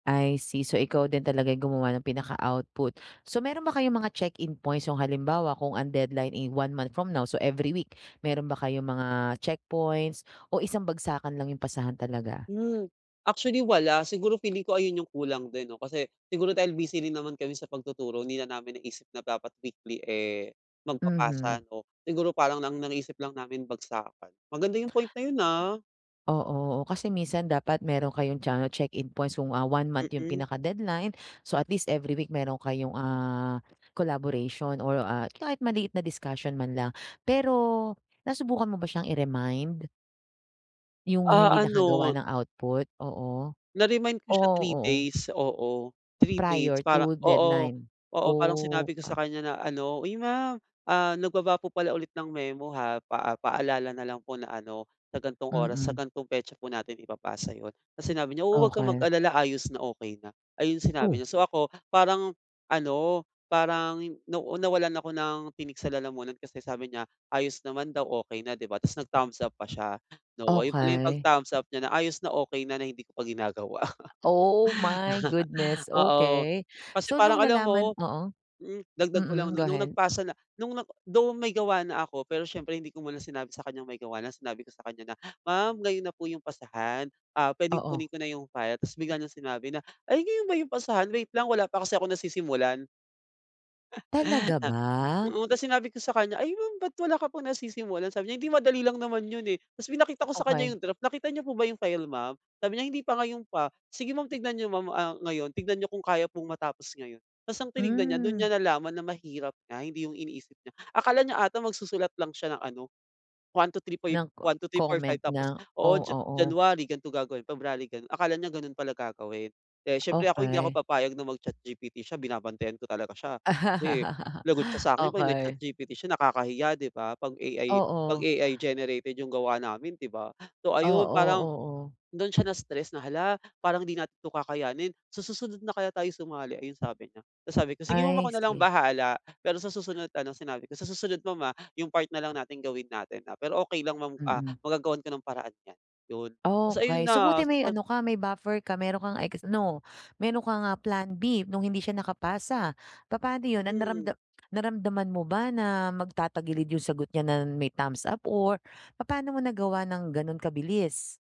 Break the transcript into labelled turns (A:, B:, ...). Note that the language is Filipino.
A: I see, so ikaw din talaga yung gumawa ng pinaka-output. So meron ba kayong mga check-in points, yung halimbawa kung ang deadline, eh, 1 month from now, so every week, meron ba kayong mga checkpoints, o isang bagsakan lang 'yung pasahan talaga?
B: Hmm. actually wala, siguro feeling ko ayun yung kulang din 'no, kasi siguro dahil busy rin naman kami sa pagtuturo hindi na namin naisip na dapat weekly, eh,
A: Mhm.
B: magpapasa ano. Siguro parang nang naisip lang namin bagsakan. Maganda yung point na yun, ah.
A: Oo. Oh, kasi minsan dapat meron kayong cha check-in points kung, ah, 1 month 'yong
B: Mm.
A: pinaka-deadline, so at least every week meron kayong, ah, collaboration, or, ah, kahit maliit na discussion man lang. Pero nasubukan mo ba siyang i-remind? Yung
B: Ah,
A: hindi nakagawa
B: ano.
A: ng output, oo.
B: Na-remind ko siya
A: Oh
B: 3
A: oo.
B: days, oo, 3 days
A: Prior
B: parang
A: to
B: oo,
A: deadline?
B: oo, parang
A: Oh,
B: sinabi ko sa
A: ah
B: kanya na ano, "Uy, ma'am, ah, nagbaba po pala ulit ng memo, ha, paa paalala na lang po na ano, sa gan'tong oras, sa
A: Mm.
B: gantong petsa po natin ipapasa 'yon." Tapos sinabi niya, "Oo 'wag ka
A: Okey.
B: mag-alala, ayos na, okey na." Ayun
A: Oh.
B: sinabi niya. So ako parang ano, parang na nawalan ako ng tinik sa lalamunan kasi sabi niya, ayos naman daw, okay na, 'di ba? Tapos nag thumbs up pa siya. 'No ayun pala yung pag
A: Okey.
B: thumbs up niya na, ayos na, okey na, na hindi ko pa ginagawa.
A: Oh, my goodness,
B: Oo.
A: okey.
B: Kasi
A: So
B: parang
A: nung
B: alam mo
A: nalaman oo,
B: mm, dagdag ko lang
A: mm, go
B: 'no, nung
A: ahead.
B: nagpasa na nung nag though may gawa na ako pero siyempre hindi ko muna sinabi sa kanyang may gawa na, sinabi ko sa kanya na, "Ma'am ngayon na po yung pasahan, ah, pwedeng
A: Oo.
B: kunin ko na yung file?" Ta's bigla niyang sinabi na, "Ay ngayon ba yung pasahan, wait lang wala pa kasi akong nasisimulan."
A: Talaga ba?
B: Oo. Tapos sinabi ko sa kanya, "Ay ma'am ba't wala ka pang nasisimulan?" sabi niya, "Hindi madali lang naman yun, eh." Ta's pinakita ko sa kanya
A: Okey.
B: yung draft, "Nakita niyo po ba yung file ma'am?" Sabi niya, "Hindi pa, ngayon pa." "Sige ma'am, tignan niyo ma'am, ah, ngayon tignan niyo kung kaya pong matapos ngayon." Ta's ang tinignan niya dun niya
A: Mm.
B: nalaman na mahirap nga, hindi 'yung iniisip niya, akala niya ata magsusulat lang siya ng ano, 1, 2, 3 foy
A: Ng co
B: 1, 2, 3, 4, 5
A: comment
B: tapos
A: na
B: oo,
A: oh,
B: Ja
A: oo.
B: January gan'to gagawin, February ganun, akala niya ganon pala gagawin. Eh, siyempre ako hindi ako
A: Okey.
B: papayag na mag ChatGPT siya, binabantayan ko talaga siya. Kasi, lagot siya sa'kin 'pag
A: Okey.
B: nag-ChatGPT siya nakakahiya, 'di ba? 'Pag AI 'pag
A: Oo.
B: AI generated 'yung gawa namin, 'di ba? So
A: Oo,
B: ayun parang,
A: oo.
B: dun siya na stress na, "Hala, parang hindi natin 'to kakayanin, sa susunod na kaya tayo sumali?" Ayun sabi niya. Ta's sabi ko, "Sige ma'am,
A: I
B: ako nalang
A: see.
B: bahala, pero sa susunod ano," sinabi ko, "sa susunod ma'am, ah, 'yung part nalang natin gawin natin, ah. Pero okay lang ma'am, ah,
A: Mm.
B: magagawan ko ng paraan yan." yun. Ta's ayun
A: Okey. So,
B: na,
A: buti may
B: sobrang
A: ano ka, may buffer ka, meron kang, eks no! Meron kang, ah, Plan B nung hindi siya nakapasa. Papaano 'yon, ah,
B: Mm.
A: naramda naramdaman mo ba na magtatagilid 'yong sagot niya na may thumbs up or papano mo nagawa ng gano'n kabilis?